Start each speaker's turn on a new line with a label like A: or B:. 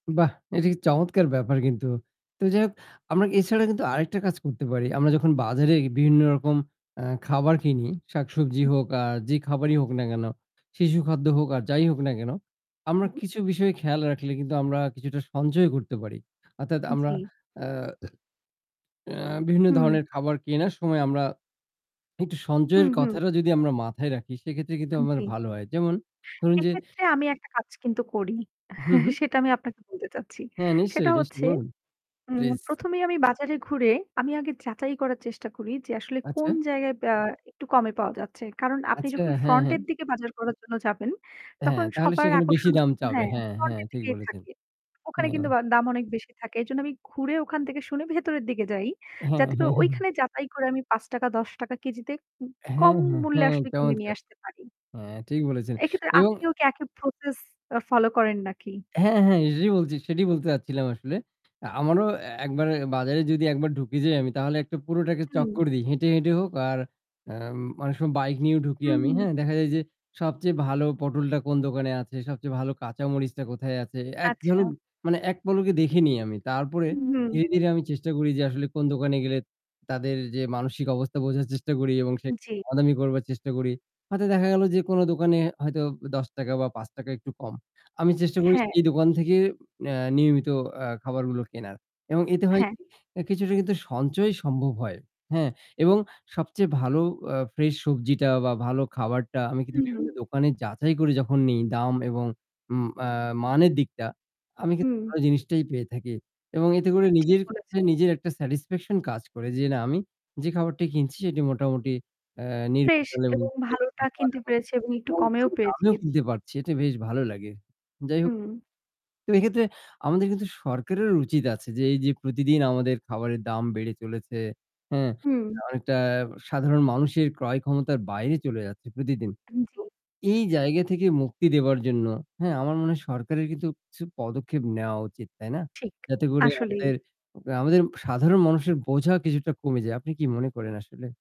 A: বাহ! এটা কি চমৎকার ব্যাপার কিন্তু। তো যাই হোক আমরা এছাড়া কিন্তু আরেকটা কাজ করতে পারি। আমরা যখন বাজারে বিভিন্ন রকম, আ খাবার কিনি, শাকসবজি হোক আর যে খাবারই হোক না কেন, শিশু খাদ্য হোক আর যাই হোক না কেন আমরা
B: হু।
A: কিছু বিষয় খেয়াল রাখলে কিন্তু আমরা কিছুটা সঞ্চয় করতে পারি। অর্থাৎ আমরা
B: জ্বী।
A: আ অ্যা বিভিন্ন
B: হুম।
A: ধরনের খাবার কেনার সময় আমরা একটু সঞ্চয়ের
B: হুম, হুম।
A: কথাটা যদি আমরা মাথায় রাখি সেক্ষেত্রে কিন্তু
B: আন
A: আমার
B: জ্বী।
A: ভালো হয়। যেমন ধরুন যে
B: সেক্ষেত্রে আমি একটা কাজ কিন্তু করি
A: হু, হু।
B: সেটা আমি আপনাকে বলতে চাচ্ছি।
A: হ্যাঁ
B: সেটা
A: নিশ্চয়ই, নিশ্চয়ই
B: হচ্ছে,
A: বলুন।
B: হুম
A: প্লিজ।
B: ১ম এই আমি বাজারে ঘুরে আমি আগে যাচাই করার চেষ্টা করি যে আসলে কোন
A: আচ্ছা।
B: জায়গায়, আ একটু কমে পাওয়া যাচ্ছে। কারণ আপনি
A: আচ্ছা
B: যখন
A: হ্যাঁ, হ্যাঁ।
B: ফ্রন্টের দিকে বাজার করার জন্য যাবেন
A: হ্যাঁ
B: তখন
A: তাহলে
B: সবার
A: সেখানে বেশি
B: আকর্ষণ
A: দাম
B: কিন্তু
A: চাবে।
B: হ্যাঁ,
A: হ্যাঁ হ্যাঁ
B: ফ্রন্টের
A: ঠিক
B: দিকে
A: বলেছেন।
B: থাকে। ওখানে কিন্তু
A: হ্যাঁ।
B: বা দাম অনেক বেশি থাকে। এইজন্য আমি ঘুরে ওখান থেকে শুনে ভেতরের দিকে যাই।
A: হ্যাঁ।
B: যাতে করে ঐখানে যাচাই করে আমি ৫ ১০ উম কেজিতে
A: হ্যাঁ
B: কম
A: হ্যাঁ
B: মূল্যে
A: হ্যাঁ
B: আসলে কিনে নিয়ে
A: চমৎকার।
B: আসতে পারি।
A: হ্যাঁ ঠিক বলেছেন।
B: এক্ষেত্রে
A: এবং
B: আপনিও কি একই প্রসেস অ ফলো করেন নাকি?
A: হ্যাঁ, হ্যাঁ এটাই বলছি, সেটাই বলতে চাচ্ছিলাম আসলে। আমারও এ-একবার বাজারে যদি একবার ঢুকে যাই আমি তাহলে একটা পুরোটাকে আগে
B: উম
A: চক্কর দেই। হেঁটে হেঁটে হোক আর উম অনেক সময় বাইক নিয়েও ঢুকি আমি।
B: উহু।
A: হ্যাঁ দেখা যায় যে সবচেয়ে ভালো পটলটা কোন দোকানে আছে, সবচেয়ে ভালো কাঁচা মরিচটা কোথায় আছে। একজন,
B: আচ্ছা।
A: মানে এক পলকে দেখে আমি। তারপরে
B: হুম, হুম।
A: ধীরে, ধীরে আমি চেষ্টা করি যে আসলে কোন দোকানে গেলে তাদের যে মানসিক অবস্থা বোঝার চেষ্টা করি এবং সে
B: জ্বী।
A: দামাদামি করবার চেষ্টা করি। হয়তো দেখা গেল যে কোন দোকানে হয়তো ১০ বা ৫ একটু কম আমি চেষ্টা করি
B: হ্যাঁ।
A: সেই দোকান থেকে এ নিয়মিত আ খাবারগুলো কেনার এবং এতে হয়
B: হ্যাঁ।
A: কি, কিছুটা কিন্তু সঞ্চয় সম্ভব হয় হ্যাঁ, এবং সবচেয়ে ভালো অ ফ্রেশ সবজিটা বা ভালো খাবারটা আমি কিন্তু
B: উহু।
A: বিভিন্ন দোকানে যাচাই করে যখন নিই দাম এবং উম আ মানের দিকটা আমি কিন্তু
B: হু।
A: ভালো জিনিসটাই পেয়ে থাকি এবং এতে করে
B: ঠিক
A: নিজের
B: বলেছ।
A: কাছে নিজের একটা স্যাটিসফ্যাকশন কাজ করে যে না আমি যে খাবারটি কিনছি সেটি মোটামুটি আ
B: ফ্রেশ
A: নির্ভেজাল এবং
B: এবং ভালোটা কিনতে
A: [unintelligible]
B: পেরেছি এবং একটু কমেও পেয়েছি।
A: আমিও কিনতে পারছি এটা বেশ ভালো লাগে। যাই হোক।
B: উম
A: তো এক্ষেত্রে আমাদের কিন্তু সরকারের উচিত আছে যে এই যে প্রতিদিন আমাদের খাবারের দাম বেড়ে চলেছে হ্যাঁ,
B: হুম।
A: অনেকটা সাধারণ মানুষের ক্রয় ক্ষমতার বাইরে চলে যাচ্ছে প্রতিদিন।
B: আন জি।
A: এই জায়গা থেকে মুক্তি দেবার জন্য, হ্যাঁ আমার মনে হয় সরকারের কিন্তু কিছু পদক্ষেপ নেওয়া উচিত তাই না?
B: ঠিক
A: যাতে করে
B: আসলেই।
A: আমাদের আমাদের সাধারণ মানুষের বোঝা কিছুটা কমে যায়। আপনি কি মনে করেন আসলে?